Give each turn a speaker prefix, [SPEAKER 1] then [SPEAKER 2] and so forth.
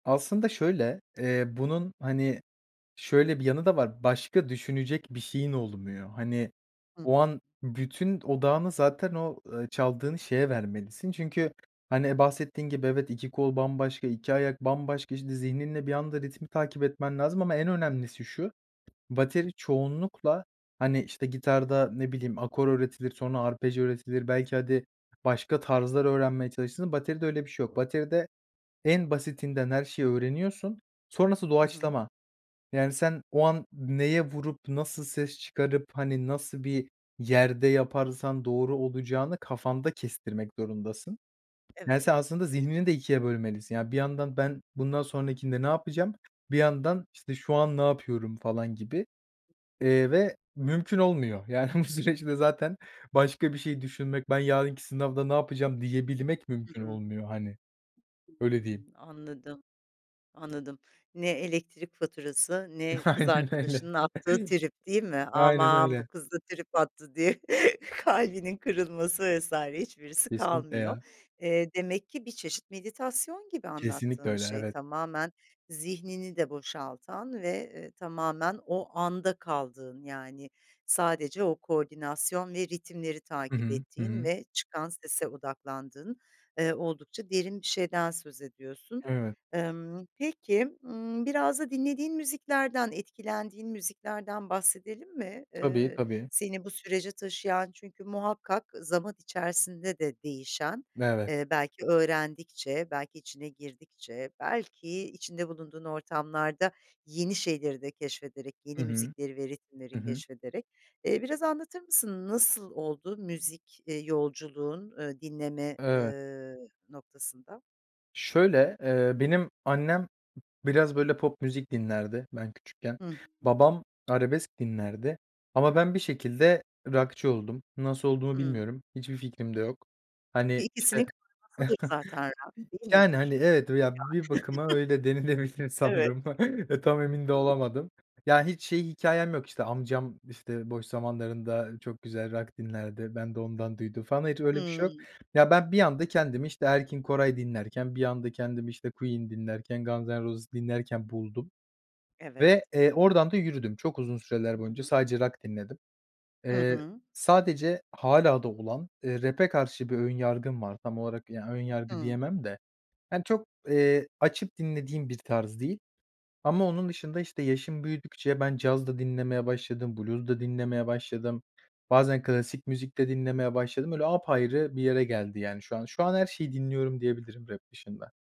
[SPEAKER 1] Aslında şöyle, eee, bunun, hani, şöyle bir yanı da var, başka düşünecek bir şeyin olmuyor. Hani,
[SPEAKER 2] Hı
[SPEAKER 1] o
[SPEAKER 2] hı.
[SPEAKER 1] an bütün odağını zaten o, eee, çaldığını şeye vermelisin. Çünkü hani bahsettiğin gibi evet 2 kol bambaşka, 2 ayak bambaşka işte zihninle bir anda ritmi takip etmen lazım ama en önemlisi şu, bateri çoğunlukla, hani, işte gitarda ne bileyim akor öğretilir sonra arpej öğretilir belki hadi başka tarzlar öğrenmeye çalışırsın. Bateride öyle bir şey yok. Bateride en basitinden her şeyi öğreniyorsun sonrası
[SPEAKER 2] Hı hı.
[SPEAKER 1] doğaçlama. Yani, sen o an neye vurup, nasıl ses çıkarıp, hani, nasıl bir yerde yaparsan doğru olacağını kafanda kestirmek zorundasın. Yani,
[SPEAKER 2] Evet.
[SPEAKER 1] sen aslında zihnini de ikiye bölmelisin. Yani, bir yandan ben bundan sonrakinde ne yapacağım? Bir yandan işte şu an ne yapıyorum falan gibi, eee, ve mümkün olmuyor. Yani bu süreçte zaten başka bir şey düşünmek, ben yarınki sınavda ne yapacağım diyebilmek
[SPEAKER 2] Hı
[SPEAKER 1] mümkün
[SPEAKER 2] hı.
[SPEAKER 1] olmuyor hani.
[SPEAKER 2] Hı hı,
[SPEAKER 1] Öyle diyeyim.
[SPEAKER 2] anladım, anladım. Ne elektrik faturası, ne kız
[SPEAKER 1] Aynen öyle.
[SPEAKER 2] arkadaşının attığı trip, değil mi?
[SPEAKER 1] Aynen
[SPEAKER 2] Aman, bu
[SPEAKER 1] öyle.
[SPEAKER 2] kız da trip attı diye kalbinin kırılması vs. hiçbirisi
[SPEAKER 1] Kesinlikle
[SPEAKER 2] kalmıyor.
[SPEAKER 1] ya.
[SPEAKER 2] Eee, demek ki bir çeşit meditasyon gibi
[SPEAKER 1] Kesinlikle
[SPEAKER 2] anlattığın
[SPEAKER 1] öyle,
[SPEAKER 2] şey;
[SPEAKER 1] evet.
[SPEAKER 2] tamamen zihnini de boşaltan ve, eee, tamamen o anda kaldığın, yani sadece o koordinasyon ve ritimleri
[SPEAKER 1] Hı
[SPEAKER 2] takip
[SPEAKER 1] hı. Hı
[SPEAKER 2] ettiğin
[SPEAKER 1] hı.
[SPEAKER 2] ve çıkan sese odaklandığın, eee, oldukça derin bir şeyden söz ediyorsun.
[SPEAKER 1] Evet.
[SPEAKER 2] Imm, peki, ımm, biraz da dinlediğin müziklerden, etkilendiğin müziklerden bahsedelim mi?
[SPEAKER 1] Tabii
[SPEAKER 2] Eee,
[SPEAKER 1] tabii.
[SPEAKER 2] seni bu sürece taşıyan çünkü muhakkak zaman içerisinde de değişen,
[SPEAKER 1] Evet.
[SPEAKER 2] eee, belki öğrendikçe, belki içine girdikçe, belki içinde bulunduğun ortamlarda yeni şeyleri de keşfederek,
[SPEAKER 1] Hı
[SPEAKER 2] yeni
[SPEAKER 1] hı.
[SPEAKER 2] müzikleri ve ritimleri
[SPEAKER 1] Hı hı.
[SPEAKER 2] keşfederek. Eee, biraz anlatır mısın nasıl oldu müzik, eee, yolculuğun, ııı, dinleme,
[SPEAKER 1] Evet.
[SPEAKER 2] ııı, noktasında?
[SPEAKER 1] Şöyle, eee, benim annem biraz böyle pop müzik dinlerdi ben küçükken.
[SPEAKER 2] Hı hı.
[SPEAKER 1] Babam arabesk dinlerdi ama ben bir şekilde rockçı oldum. Nasıl olduğumu
[SPEAKER 2] Hıı.
[SPEAKER 1] bilmiyorum. Hiçbir fikrim de yok.
[SPEAKER 2] Çünkü
[SPEAKER 1] Hani işte
[SPEAKER 2] ikisinin [unintelligible] zaten rock, değil
[SPEAKER 1] Yani, hani,
[SPEAKER 2] midir?
[SPEAKER 1] evet ya bir bakıma öyle denilebilir
[SPEAKER 2] Yani. Evet.
[SPEAKER 1] sanırım, tam emin de olamadım. Ya, hiç şey hikâyem yok; işte amcam işte boş zamanlarında çok güzel rock dinlerdi, ben de ondan duydum falan. Hiç öyle bir şey yok.
[SPEAKER 2] Hıı.
[SPEAKER 1] Ya, ben bir anda kendimi işte Erkin Koray dinlerken, bir anda kendimi işte Queen dinlerken, Guns And Roses dinlerken buldum.
[SPEAKER 2] Evet
[SPEAKER 1] Ve, eee, oradan da yürüdüm. Çok uzun süreler
[SPEAKER 2] Hı
[SPEAKER 1] boyunca
[SPEAKER 2] hı.
[SPEAKER 1] sadece rock dinledim.
[SPEAKER 2] Hı
[SPEAKER 1] Eee,
[SPEAKER 2] hı.
[SPEAKER 1] sadece hâlâ da olan, eee, rap'e karşı bir ön yargım var. Tam olarak, ya, ön yargı
[SPEAKER 2] Hı.
[SPEAKER 1] diyemem de hani, çok, eee, açıp dinlediğim bir tarz değil ama onun dışında işte yaşım büyüdükçe ben caz da dinlemeye başladım, Blues da dinlemeye başladım. Bazen klasik müzik de dinlemeye başladım. Öyle apayrı bir yere geldi yani şu an. Şu an her şeyi dinliyorum diyebilirim, rap dışında.